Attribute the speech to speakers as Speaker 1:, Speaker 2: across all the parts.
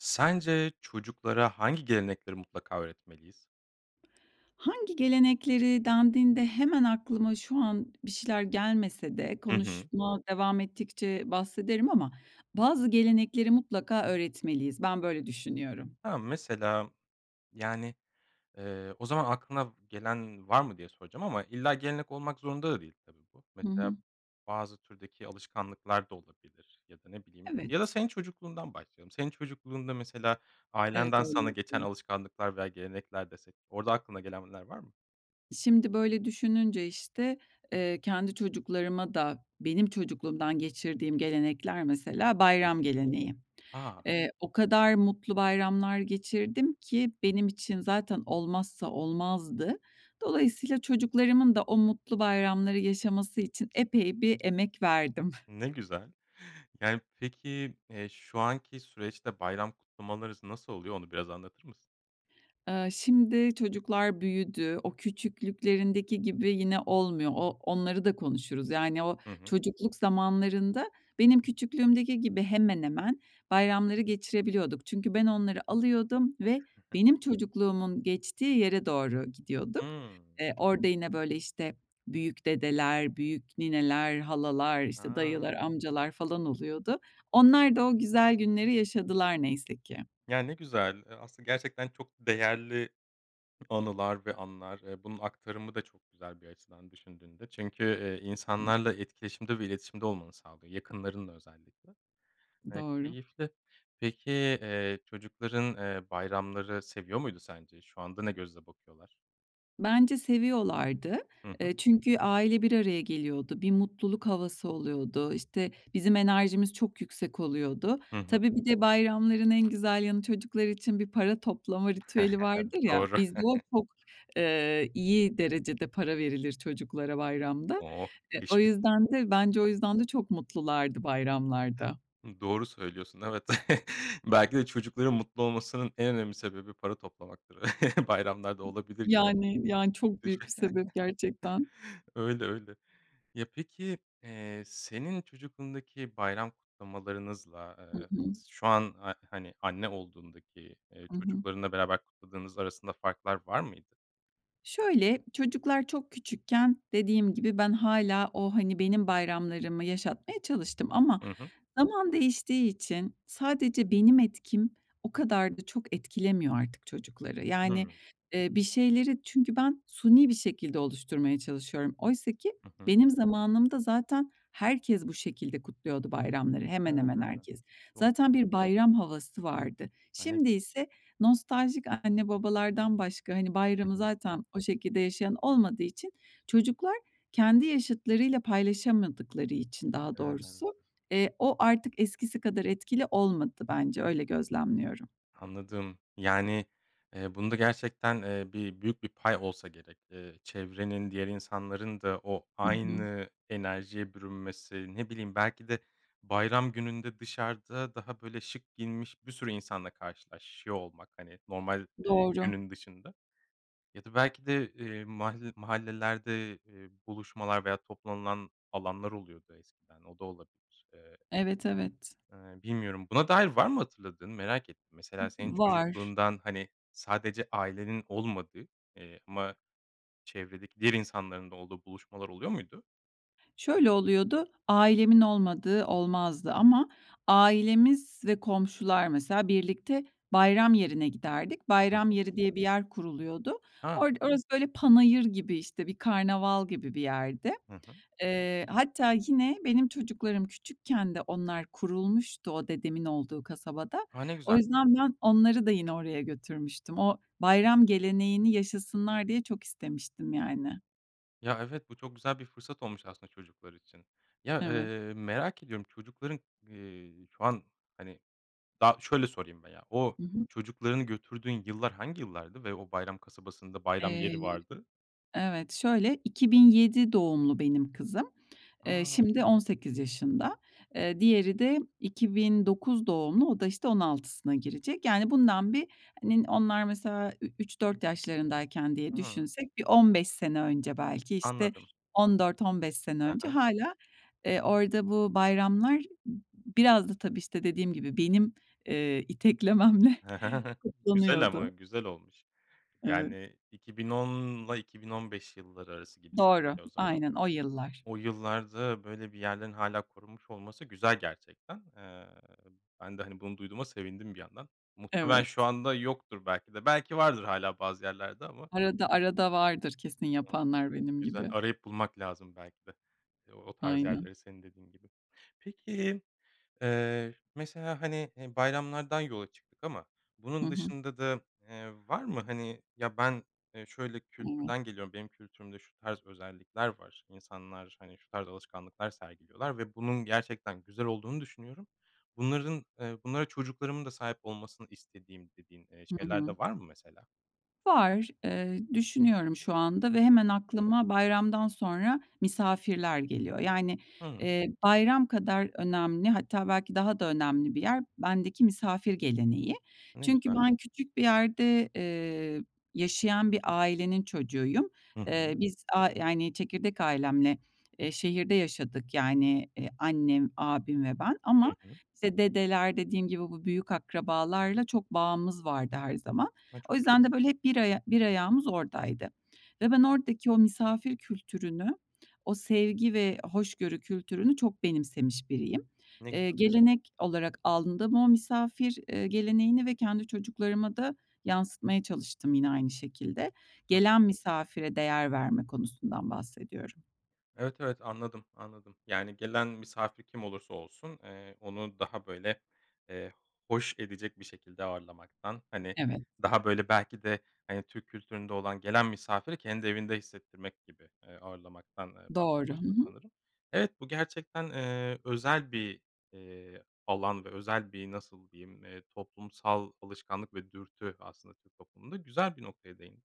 Speaker 1: Sence çocuklara hangi gelenekleri mutlaka öğretmeliyiz?
Speaker 2: "Hangi gelenekleri?" dendiğinde hemen aklıma şu an bir şeyler gelmese de
Speaker 1: Hı hı.
Speaker 2: konuşma devam ettikçe bahsederim ama bazı gelenekleri mutlaka öğretmeliyiz. Ben böyle düşünüyorum.
Speaker 1: Ha, mesela, yani, eee, o zaman aklına gelen var mı diye soracağım ama illa gelenek olmak zorunda da değil tabii bu.
Speaker 2: Hı
Speaker 1: Mesela
Speaker 2: hı.
Speaker 1: bazı türdeki alışkanlıklar da olabilir ya da ne bileyim
Speaker 2: Evet.
Speaker 1: ya da senin çocukluğundan başlayalım. Senin çocukluğunda mesela
Speaker 2: Evet,
Speaker 1: ailenden
Speaker 2: öyle
Speaker 1: sana geçen
Speaker 2: yapıyorum.
Speaker 1: alışkanlıklar veya gelenekler desek, orada aklına gelenler var mı?
Speaker 2: Şimdi böyle düşününce, işte, eee, kendi çocuklarıma da benim çocukluğumdan geçirdiğim gelenekler mesela
Speaker 1: Hı
Speaker 2: bayram
Speaker 1: hı.
Speaker 2: geleneği.
Speaker 1: A!
Speaker 2: Eee, o kadar mutlu bayramlar geçirdim ki
Speaker 1: [unintelligible]
Speaker 2: benim için zaten olmazsa olmazdı. Dolayısıyla çocuklarımın da o mutlu bayramları yaşaması için epey bir emek verdim.
Speaker 1: Ne güzel. Yani, peki, eee, şu anki süreçte bayram kutlamalarınız nasıl oluyor, onu biraz anlatır mısın?
Speaker 2: Iıı, şimdi çocuklar büyüdü. O küçüklüklerindeki gibi yine olmuyor. O onları da konuşuruz. Yani, o
Speaker 1: Hı hı.
Speaker 2: çocukluk zamanlarında benim küçüklüğümdeki gibi hemen hemen bayramları geçirebiliyorduk. Çünkü ben onları alıyordum ve benim çocukluğumun geçtiği yere doğru gidiyorduk.
Speaker 1: Hımm.
Speaker 2: Eee, orada yine, böyle, işte, büyük dedeler, büyük nineler, halalar, işte, dayılar,
Speaker 1: A!
Speaker 2: amcalar falan oluyordu. Onlar da o güzel günleri yaşadılar neyse ki.
Speaker 1: Ya, ne güzel. Eee, aslında gerçekten çok değerli anılar ve anlar. Eee, bunun aktarımı da çok güzel bir açıdan düşündüğünde. Çünkü, eee, insanlarla etkileşimde ve iletişimde olmanı sağlıyor, yakınlarınla özellikle. Eee,
Speaker 2: Doğru.
Speaker 1: keyifli. Peki, eee, çocukların, eee, bayramları seviyor muydu sence? Şu anda ne gözle bakıyorlar?
Speaker 2: Bence seviyorlardı,
Speaker 1: Hı hı.
Speaker 2: ııı, çünkü aile bir araya geliyordu, bir mutluluk havası oluyordu, işte, bizim enerjimiz çok yüksek oluyordu.
Speaker 1: Hı hı.
Speaker 2: Tabii bir de bayramların en güzel yanı, çocuklar için bir para toplama ritüeli
Speaker 1: Tabii,
Speaker 2: vardır ya,
Speaker 1: doğru.
Speaker 2: bizde o çok, eee, iyi derecede para verilir çocuklara bayramda.
Speaker 1: Oh,
Speaker 2: E, o
Speaker 1: teşvik.
Speaker 2: yüzden de bence o yüzden de çok mutlulardı bayramlarda.
Speaker 1: I doğru söylüyorsun, evet, belki de çocukların mutlu olmasının en önemli sebebi para toplamaktır. Bayramlarda olabilir ya.
Speaker 2: Yani, yani çok
Speaker 1: [unintelligible]
Speaker 2: büyük bir sebep gerçekten.
Speaker 1: Öyle, öyle. Ya peki, eee, senin çocukluğundaki bayram kutlamalarınızla,
Speaker 2: Hı
Speaker 1: ııı,
Speaker 2: hı.
Speaker 1: şu an, a hani, anne olduğundaki, eee,
Speaker 2: Hı hı.
Speaker 1: çocuklarınla beraber kutladığınız arasında farklar var mıydı?
Speaker 2: Şöyle, çocuklar çok küçükken, dediğim gibi, ben hâlâ o, hani, benim bayramlarımı yaşatmaya çalıştım. Ama
Speaker 1: Hı hı.
Speaker 2: zaman değiştiği için sadece benim etkim o kadar da çok etkilemiyor artık çocukları. Yani,
Speaker 1: Hımm.
Speaker 2: ııı, bir şeyleri çünkü ben suni bir şekilde oluşturmaya çalışıyorum. Oysaki
Speaker 1: Hı hı.
Speaker 2: benim zamanımda zaten herkes bu şekilde kutluyordu bayramları,
Speaker 1: He.
Speaker 2: hemen hemen herkes.
Speaker 1: Doğru.
Speaker 2: Zaten bir bayram havası vardı. Şimdi
Speaker 1: [unintelligible]
Speaker 2: ise nostaljik anne babalardan başka, hani,
Speaker 1: Hı
Speaker 2: bayramı
Speaker 1: hı.
Speaker 2: zaten o şekilde yaşayan olmadığı için çocuklar kendi yaşıtlarıyla paylaşamadıkları için daha doğrusu,
Speaker 1: He.
Speaker 2: eee, o artık eskisi kadar etkili olmadı bence, öyle gözlemliyorum.
Speaker 1: Anladım, yani, eee, bunda gerçekten, eee, bir büyük bir pay olsa gerek. Eee, çevrenin diğer insanların da o
Speaker 2: Hı hı.
Speaker 1: aynı enerjiye bürünmesi, ne bileyim, belki de bayram gününde dışarıda daha, böyle şık giyinmiş bir sürü insanla karşılaşıyor olmak, hani, normal, ııı,
Speaker 2: Doğru.
Speaker 1: günün dışında ya da belki de, eee, mahal mahallelerde, ııı, buluşmalar veya toplanılan alanlar oluyordu eskiden. O da olabilir. Eee
Speaker 2: Evet, evet.
Speaker 1: Eee, bilmiyorum, buna dair var mı hatırladığın? Merak ettim.
Speaker 2: Hı hı,
Speaker 1: Mesela senin
Speaker 2: var.
Speaker 1: çocukluğundan, hani, sadece ailenin olmadığı, eee, ama çevredeki diğer insanların da olduğu buluşmalar oluyor muydu?
Speaker 2: Şöyle oluyordu: Ailemin olmadığı olmazdı ama ailemiz ve komşular, mesela, birlikte bayram yerine giderdik.
Speaker 1: Hı
Speaker 2: Bayram
Speaker 1: hı.
Speaker 2: yeri diye bir yer kuruluyordu.
Speaker 1: Ha.
Speaker 2: Orada orası böyle, panayır gibi, işte, bir karnaval gibi bir yerdi.
Speaker 1: Hı hı.
Speaker 2: Eee, hatta yine benim çocuklarım küçükken de onlar kurulmuştu o dedemin olduğu kasabada.
Speaker 1: A, ne
Speaker 2: O
Speaker 1: güzel.
Speaker 2: yüzden ben onları da yine oraya götürmüştüm. O bayram geleneğini yaşasınlar diye çok istemiştim yani.
Speaker 1: Ya, evet, bu çok güzel bir fırsat olmuş aslında çocuklar için. Ya,
Speaker 2: Evet.
Speaker 1: eee, merak ediyorum, çocukların, ııı, şu an, hani, daha şöyle sorayım veya, o
Speaker 2: Hı hı.
Speaker 1: çocuklarını götürdüğün yıllar hangi yıllardı ve o bayram kasabasında bayram
Speaker 2: Eee,
Speaker 1: yeri vardı?
Speaker 2: evet. Şöyle, 2007 doğumlu benim kızım. Eee,
Speaker 1: A!
Speaker 2: şimdi 18 yaşında. Eee, diğeri de 2009 doğumlu. O da, işte, 16'sına girecek. Yani, bundan bir, hani, onlar mesela ü üç 4
Speaker 1: [unintelligible]
Speaker 2: yaşlarındayken diye
Speaker 1: A!
Speaker 2: düşünsek bir 15 sene önce, belki, işte,
Speaker 1: Anladım.
Speaker 2: 14 15 sene
Speaker 1: Hı
Speaker 2: önce
Speaker 1: hı.
Speaker 2: hâlâ, eee, orada bu bayramlar biraz da tabii, işte, dediğim gibi benim, eee, iteklememle
Speaker 1: Güzel ama.
Speaker 2: toplanıyordu.
Speaker 1: Güzel olmuş.
Speaker 2: Evet.
Speaker 1: Yani, 2010'la 2015 yılları arası gibi
Speaker 2: Doğru,
Speaker 1: çünkü o zaman.
Speaker 2: aynen, o yıllar.
Speaker 1: O yıllarda böyle bir yerlerin hâlâ korunmuş olması güzel gerçekten. Eee, ben de, hani, bunu duyduğuma sevindim bir yandan. Muhtemelen
Speaker 2: Evet.
Speaker 1: şu anda yoktur belki de, belki vardır hâlâ bazı yerlerde ama.
Speaker 2: Arada arada vardır, kesin,
Speaker 1: [unintelligible]
Speaker 2: yapanlar benim
Speaker 1: Güzel,
Speaker 2: gibi.
Speaker 1: arayıp bulmak lazım belki de, eee, o tarz
Speaker 2: Aynen.
Speaker 1: yerleri, senin dediğin gibi. Peki, eee, mesela, hani, eee, bayramlardan yola çıktık ama
Speaker 2: Hı
Speaker 1: bunun
Speaker 2: hı.
Speaker 1: dışında da, eee, var mı, hani, ya, ben, eee, şöyle
Speaker 2: Evet.
Speaker 1: kültürden geliyorum, benim kültürümde şu tarz özellikler var, insanlar, hani, şu tarz alışkanlıklar sergiliyorlar ve bunun gerçekten güzel olduğunu düşünüyorum. Bunların, eee, bunlara çocuklarımın da sahip olmasını istediğim dediğin, eee,
Speaker 2: Hı
Speaker 1: şeyler
Speaker 2: hı.
Speaker 1: de var mı mesela?
Speaker 2: Var, eee, düşünüyorum şu anda ve
Speaker 1: Hı
Speaker 2: hemen
Speaker 1: hı.
Speaker 2: aklıma bayramdan sonra, misafirler geliyor. Yani,
Speaker 1: Hı.
Speaker 2: eee, bayram kadar önemli hatta belki daha da önemli bir yer, bendeki misafir geleneği.
Speaker 1: Ne
Speaker 2: Çünkü
Speaker 1: güzel.
Speaker 2: ben küçük bir yerde, eee, yaşayan bir ailenin çocuğuyum.
Speaker 1: Hı
Speaker 2: Eee,
Speaker 1: hı.
Speaker 2: biz a yani, çekirdek ailemle, eee, şehirde yaşadık, yani, eee, annem, abim ve ben
Speaker 1: Hı
Speaker 2: ama,
Speaker 1: hı.
Speaker 2: işte, dedeler, dediğim gibi, bu büyük akrabalarla çok bağımız vardı her zaman.
Speaker 1: Ay,
Speaker 2: O
Speaker 1: çok
Speaker 2: yüzden
Speaker 1: güzel.
Speaker 2: de, böyle, hep bir aya bir ayağımız oradaydı ve ben
Speaker 1: Hı hı.
Speaker 2: oradaki o misafir kültürünü, o sevgi ve hoşgörü kültürünü çok benimsemiş biriyim.
Speaker 1: Ne güzel.
Speaker 2: Eee, gelenek olarak aldım ama o misafir, eee, geleneğini ve kendi çocuklarıma da yansıtmaya çalıştım yine aynı şekilde.
Speaker 1: [unintelligible]
Speaker 2: Gelen misafire değer verme konusundan bahsediyorum.
Speaker 1: Evet, evet. Anladım, anladım. Yani, gelen misafir kim olursa olsun, eee, onu daha, böyle, eee, hoş edecek bir şekilde ağırlamaktan, hani,
Speaker 2: Evet.
Speaker 1: daha böyle belki de hani Türk kültüründe olan, gelen misafiri kendi evinde hissettirmek gibi, eee, ağırlamaktan, eee,
Speaker 2: Doğru. Hı
Speaker 1: bahsediyorsun
Speaker 2: hı.
Speaker 1: sanırım. Evet, bu gerçekten, eee, özel bir, eee, alan ve özel bir, nasıl diyeyim, eee, toplumsal alışkanlık ve dürtü aslında Türk toplumunda. Güzel bir noktaya değindin.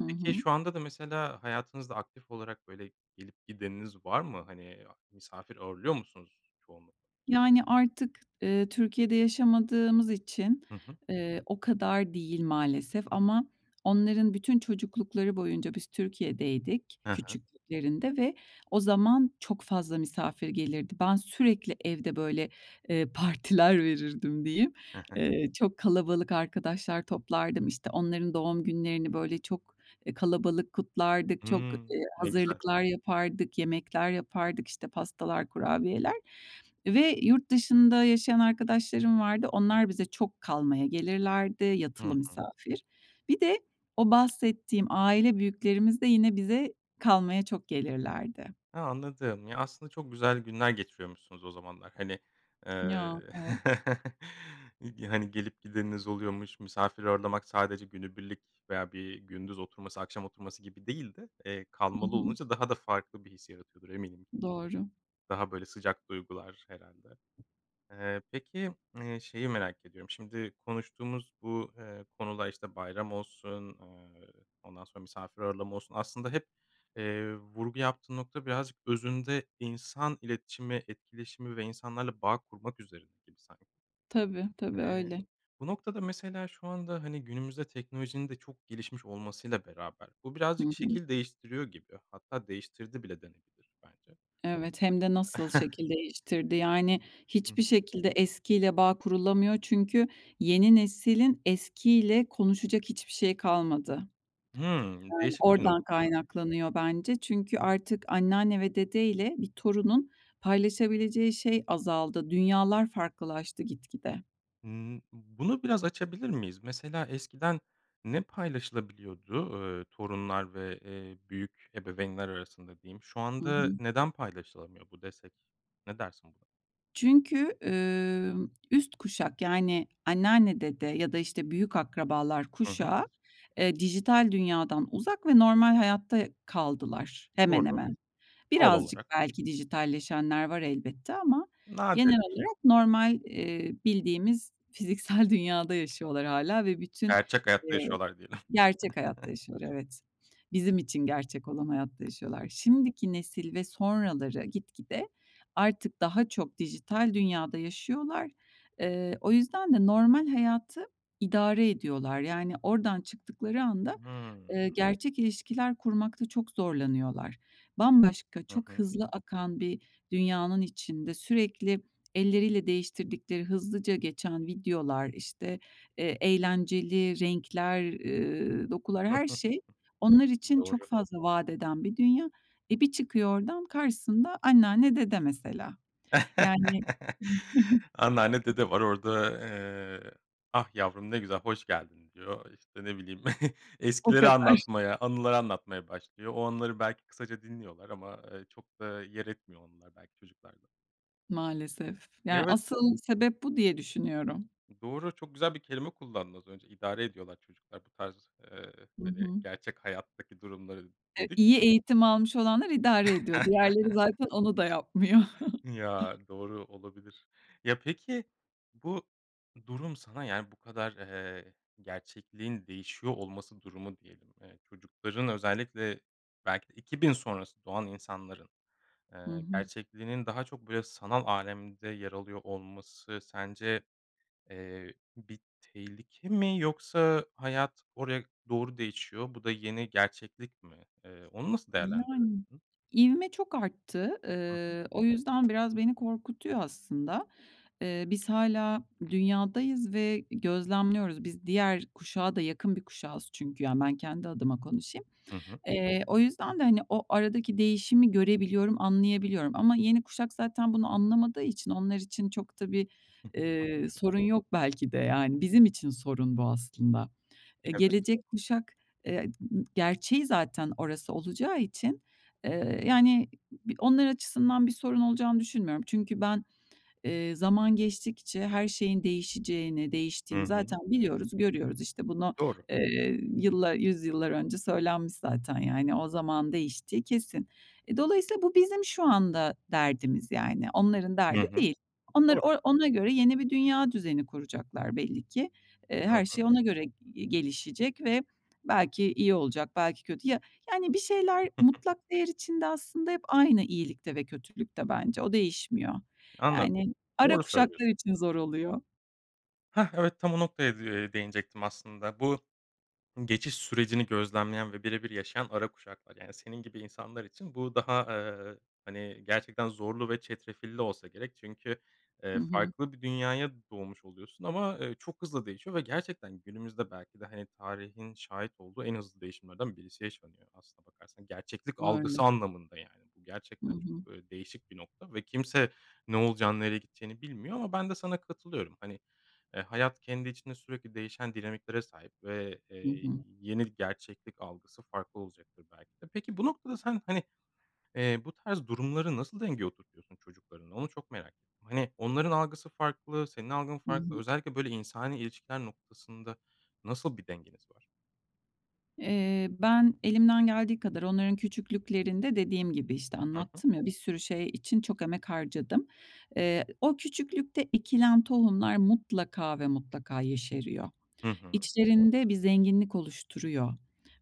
Speaker 2: Hı
Speaker 1: Peki,
Speaker 2: hı.
Speaker 1: şu anda da mesela hayatınızda aktif olarak böyle gelip gideniniz var mı? Hani, a misafir ağırlıyor musunuz çoğunlukla?
Speaker 2: Yani, artık, eee, Türkiye'de yaşamadığımız için,
Speaker 1: Hı hı.
Speaker 2: eee, o kadar değil maalesef ama onların bütün çocuklukları boyunca biz Türkiye'deydik
Speaker 1: He he.
Speaker 2: küçüklüklerinde ve o zaman çok fazla misafir gelirdi. Ben sürekli evde, böyle, eee, partiler verirdim diyeyim. Eee, çok kalabalık arkadaşlar toplardım. İşte, onların doğum günlerini, böyle, çok, eee, kalabalık kutlardık, çok,
Speaker 1: Hımm.
Speaker 2: eee,
Speaker 1: Ne güzel.
Speaker 2: hazırlıklar yapardık, yemekler yapardık, işte, pastalar, kurabiyeler ve yurt dışında yaşayan arkadaşlarım vardı onlar bize çok kalmaya gelirlerdi yatılı
Speaker 1: Hı hı.
Speaker 2: misafir. Bir de o bahsettiğim aile büyüklerimiz de yine bize kalmaya çok gelirlerdi.
Speaker 1: A, anladım. Ya, aslında çok güzel günler geçiriyormuşsunuz o zamanlar. Hani, eee,
Speaker 2: Ya, evet.
Speaker 1: ig hani, gelip gideniniz oluyormuş, misafir ağırlamak sadece günübirlik veya bir gündüz oturması, akşam oturması gibi değil de, eee,
Speaker 2: Hı
Speaker 1: kalmalı
Speaker 2: hı.
Speaker 1: olunca daha da farklı bir his yaratıyordur eminim.
Speaker 2: Doğru.
Speaker 1: Daha böyle sıcak duygular herhâlde. Eee, peki, eee, şeyi merak ediyorum, şimdi konuştuğumuz bu, eee, konuda, işte, bayram olsun, ııı, ondan sonra misafir ağırlama olsun aslında hep, eee, vurgu yaptığın nokta birazcık özünde insan iletişimi, etkileşimi ve insanlarla bağ kurmak üzerine gibi sanki.
Speaker 2: Tabii, tabii,
Speaker 1: Eee,
Speaker 2: öyle.
Speaker 1: bu noktada mesela şu anda, hani, günümüzde teknolojinin de çok gelişmiş olmasıyla beraber bu
Speaker 2: Hı
Speaker 1: birazcık
Speaker 2: hı.
Speaker 1: şekil değiştiriyor gibi hatta değiştirdi bile denebilir bence.
Speaker 2: Evet, hem de nasıl şekil değiştirdi. Yani,
Speaker 1: Hı
Speaker 2: hiçbir
Speaker 1: hı.
Speaker 2: şekilde eskiyle bağ kurulamıyor. Çünkü yeni neslin eskiyle konuşacak hiçbir şeyi kalmadı.
Speaker 1: Hımm.
Speaker 2: Yani,
Speaker 1: Değişik bir
Speaker 2: oradan
Speaker 1: nokta.
Speaker 2: kaynaklanıyor bence. Çünkü artık anneanne ve dedeyle bir torunun paylaşabileceği şey azaldı. Dünyalar farklılaştı gitgide.
Speaker 1: Imm, b bunu biraz açabilir miyiz? Mesela eskiden ne paylaşılabiliyordu? Iıı, torunlar ve, eee, büyük ebeveynler arasında diyeyim. "Şu
Speaker 2: Hı
Speaker 1: anda
Speaker 2: hı.
Speaker 1: neden paylaşılamıyor bu?" desek ne dersin buna?
Speaker 2: Çünkü, ımm, üst kuşak, yani anneanne, dede ya da, işte, büyük akrabalar
Speaker 1: Hı hı.
Speaker 2: kuşağı, eee, dijital dünyadan uzak ve normal hayatta kaldılar hemen
Speaker 1: Doğru,
Speaker 2: hemen.
Speaker 1: doğal
Speaker 2: Birazcık
Speaker 1: olarak.
Speaker 2: belki dijitalleşenler var elbette ama genel
Speaker 1: Nadirdir.
Speaker 2: olarak normal, eee, bildiğimiz, fiziksel dünyada yaşıyorlar hâlâ ve bütün,
Speaker 1: Gerçek hayatta
Speaker 2: eee
Speaker 1: yaşıyorlar diyelim.
Speaker 2: Gerçek hayatta yaşıyorlar, evet. Bizim için gerçek olan hayatta yaşıyorlar. Şimdiki nesil ve sonraları gitgide artık daha çok dijital dünyada yaşıyorlar. Iıı, o yüzden de normal hayatı idare ediyorlar. Yani, oradan çıktıkları anda,
Speaker 1: Hımm.
Speaker 2: ııı, gerçek ilişkiler kurmakta çok zorlanıyorlar. Bambaşka,
Speaker 1: Hı
Speaker 2: çok
Speaker 1: hı.
Speaker 2: hızlı akan bir dünyanın içinde sürekli elleriyle değiştirdikleri hızlıca geçen videolar, işte, eee, eğlenceli renkler, ııı, dokular her şey onlar için çok
Speaker 1: Doğru.
Speaker 2: fazla vadeden bir dünya. E, bir çıkıyor oradan karşısında anneanne, dede mesela. Yani
Speaker 1: Anneanne, dede var orada, eee, "Ah, yavrum. Ne güzel, hoş geldin." diyor. İşte, ne bileyim
Speaker 2: O
Speaker 1: eskileri
Speaker 2: kadar.
Speaker 1: anlatmaya, anıları anlatmaya başlıyor. O anıları belki kısaca dinliyorlar ama, ııı, çok da yer etmiyor onlar belki çocuklarda.
Speaker 2: Maalesef.
Speaker 1: Ya,
Speaker 2: Yani
Speaker 1: evet.
Speaker 2: asıl sebep bu diye düşünüyorum.
Speaker 1: Doğru. Çok güzel bir kelime kullandın az önce idare ediyorlar çocuklar bu tarz, eee,
Speaker 2: Hı
Speaker 1: hani,
Speaker 2: hı.
Speaker 1: gerçek hayattaki durumları,
Speaker 2: Ev
Speaker 1: dedik.
Speaker 2: İyi eğitim almış olanlar idare ediyor. Diğerleri zaten onu da yapmıyor.
Speaker 1: Ya, doğru, olabilir. Ya, peki bu durum sana, yani, bu kadar, eee, gerçekliğin değişiyor olması durumu diyelim, eee, çocukların özellikle belki de 2000 sonrası doğan insanların,
Speaker 2: Hı
Speaker 1: eee,
Speaker 2: hı.
Speaker 1: gerçekliğinin daha çok böyle sanal alemde yer alıyor olması sence, eee, bir tehlike mi yoksa hayat oraya doğru değişiyor. Bu da yeni gerçeklik mi? Eee, onu nasıl
Speaker 2: Yani.
Speaker 1: değerlendirirsin?
Speaker 2: İvme çok arttı.
Speaker 1: Hı hı.
Speaker 2: Iıı, o yüzden biraz beni korkutuyor aslında. Eee, biz hâlâ dünyadayız ve gözlemliyoruz. Biz diğer kuşağa da yakın bir kuşağız çünkü, yani, ben kendi adıma konuşayım.
Speaker 1: Hı hı.
Speaker 2: Eee, o yüzden de, hani, o aradaki değişimi görebiliyorum, anlayabiliyorum. Ama yeni kuşak zaten bunu anlamadığı için onlar için çok da bir, eee, sorun yok belki de, yani bizim için sorun bu aslında. Eee,
Speaker 1: Evet.
Speaker 2: gelecek kuşak, eee, gerçeği zaten orası olacağı için, eee, yani b onlar açısından bir sorun olacağını düşünmüyorum. Çünkü ben, eee, zaman geçtikçe her şeyin değişeceğini,
Speaker 1: Hı
Speaker 2: değiştiğini
Speaker 1: hı.
Speaker 2: zaten biliyoruz, görüyoruz. İşte bunu,
Speaker 1: Doğru.
Speaker 2: eee, yıllar 100 yıllar önce söylenmiş zaten, yani, o zamanın değiştiği kesin. E, dolayısıyla bu bizim şu anda derdimiz, yani. Onların
Speaker 1: Hı
Speaker 2: derdi
Speaker 1: hı.
Speaker 2: değil. Onlar
Speaker 1: Doğru.
Speaker 2: o ona göre yeni bir dünya düzeni kuracaklar belli ki. Eee,
Speaker 1: Hı
Speaker 2: her şey
Speaker 1: hı.
Speaker 2: ona göre gelişecek ve belki iyi olacak, belki kötü. Ya, yani, bir şeyler mutlak değer içinde aslında hep aynı iyilikte ve kötülükte bence. O değişmiyor.
Speaker 1: Anladım.
Speaker 2: Yani, ara
Speaker 1: Doğru söylüyorsun.
Speaker 2: kuşaklar için zor oluyor.
Speaker 1: Heh, evet tam o noktaya de eee, değinecektim aslında bu geçiş sürecini gözlemleyen ve birebir yaşayan ara kuşaklar. Yani, senin gibi insanlar için bu daha, eee, hani, gerçekten zorlu ve çetrefilli olsa gerek. Çünkü,
Speaker 2: Hı
Speaker 1: eee,
Speaker 2: hı.
Speaker 1: farklı bir dünyaya doğmuş oluyorsun ama, eee, çok hızlı değişiyor ve gerçekten günümüzde belki de, hani, tarihin şahit olduğu en hızlı değişimlerden birisi yaşanıyor. Aslına bakarsan gerçeklik
Speaker 2: Öyle.
Speaker 1: algısı anlamında, yani, bu
Speaker 2: Hı
Speaker 1: gerçekten
Speaker 2: hı.
Speaker 1: çok, eee, değişik bir nokta ve kimse ne olacağını, nereye gideceğini bilmiyor ama ben de sana katılıyorum. Hani, eee, hayat kendi içinde sürekli değişen dinamiklere sahip ve, eee,
Speaker 2: Hı
Speaker 1: y
Speaker 2: hı.
Speaker 1: yeni gerçeklik algısı farklı olacaktır belki de. Peki bu noktada sen, hani, eee, bu tarz durumları nasıl dengeye oturtuyorsun çocuklarınla onu çok merak ettim. Hani, onların algısı farklı, senin algın
Speaker 2: Hı
Speaker 1: farklı
Speaker 2: hı.
Speaker 1: özellikle, böyle, insani ilişkiler noktasında nasıl bir dengeniz var?
Speaker 2: Eee, ben elimden geldiği kadar onların küçüklüklerinde, dediğim gibi işte,
Speaker 1: Hı hı.
Speaker 2: anlattım ya, bir sürü şey için çok emek harcadım. Eee, ı o küçüklükte ekilen tohumlar mutlaka ve mutlaka yeşeriyor.
Speaker 1: Hı hı.
Speaker 2: İçlerinde bir zenginlik oluşturuyor.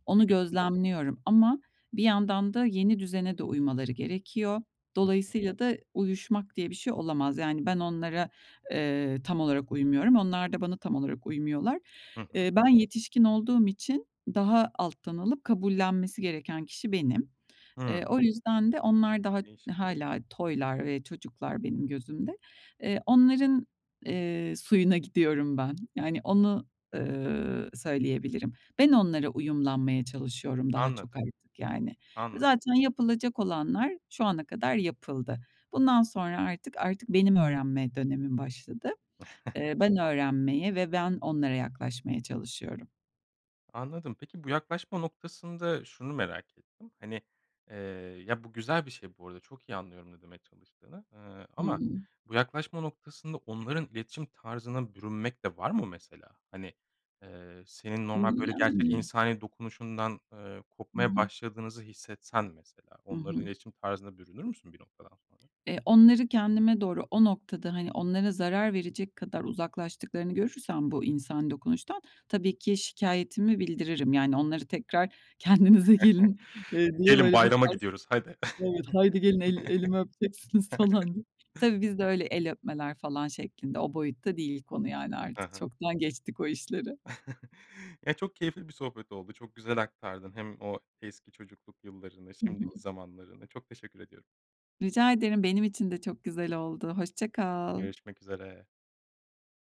Speaker 2: Onu
Speaker 1: [unintelligible]
Speaker 2: gözlemliyorum ama bir yandan da yeni düzene de uymaları gerekiyor.
Speaker 1: Hı hı.
Speaker 2: Dolayısıyla da uyuşmak diye bir şey olamaz. Yani, ben onlara, eee, tam olarak uymuyorum. Onlar da bana tam olarak uymuyorlar.
Speaker 1: Hı
Speaker 2: Eee,
Speaker 1: hı.
Speaker 2: ben yetişkin olduğum için daha alttan alıp kabullenmesi gereken kişi benim. Eee,
Speaker 1: Hımm.
Speaker 2: o yüzden de onlar daha d
Speaker 1: Değişik.
Speaker 2: hâlâ toylar ve çocuklar benim gözümde, eee, onların, ııı, suyuna gidiyorum ben. Yani, onu, ııı, söyleyebilirim. Ben onlara uyumlanmaya çalışıyorum daha çok
Speaker 1: Anladım.
Speaker 2: artık yani.
Speaker 1: Anladım.
Speaker 2: Zaten yapılacak olanlar şu ana kadar yapıldı. Bundan sonra artık artık benim öğrenme dönemim başladı. Eee, ben öğrenmeye ve ben onlara yaklaşmaya çalışıyorum.
Speaker 1: Anladım peki, bu yaklaşma noktasında şunu merak ettim; hani, eee, ya bu güzel bir şey bu arada, çok iyi anlıyorum ne demeye çalıştığını. Iıı, ama
Speaker 2: [unintelligible]
Speaker 1: bu yaklaşma noktasında onların iletişim tarzına bürünmek de var mı mesela? Hani, eee, senin normal,
Speaker 2: Iıı,
Speaker 1: böyle gerçek
Speaker 2: yani.
Speaker 1: insani dokunuşundan, ııı,
Speaker 2: Hı
Speaker 1: kopmaya
Speaker 2: hı.
Speaker 1: başladığınızı hissetsen mesela
Speaker 2: Hı
Speaker 1: onların
Speaker 2: hı.
Speaker 1: iletişim tarzına bürünür müsün bir noktadan sonra?
Speaker 2: Eee, onları kendime doğru, o noktada, hani, onlara zarar verecek kadar uzaklaştıklarını görürsem bu insani dokunuştan tabii ki şikayetimi bildiririm, yani, onları tekrar, "Kendinize gelin.", eee, diye
Speaker 1: Gelin
Speaker 2: böyle, bir
Speaker 1: bayrama
Speaker 2: sars
Speaker 1: gidiyoruz, hadi.
Speaker 2: Evet, "Haydi gelin el elimi öpeceksiniz." falan diye. Tabii, biz de öyle el öpmeler falan şeklinde, o boyutta değil konu yani,
Speaker 1: Hı
Speaker 2: artık
Speaker 1: hı.
Speaker 2: çoktan geçtik o işleri.
Speaker 1: Ya, çok keyifli bir sohbet oldu, çok güzel aktardın hem o eski çocukluk yıllarını,
Speaker 2: Hı hı.
Speaker 1: şimdiki zamanlarını; çok teşekkür ediyorum.
Speaker 2: Rica ederim. Benim için de çok güzel oldu. Hoşça kal.
Speaker 1: Görüşmek üzere.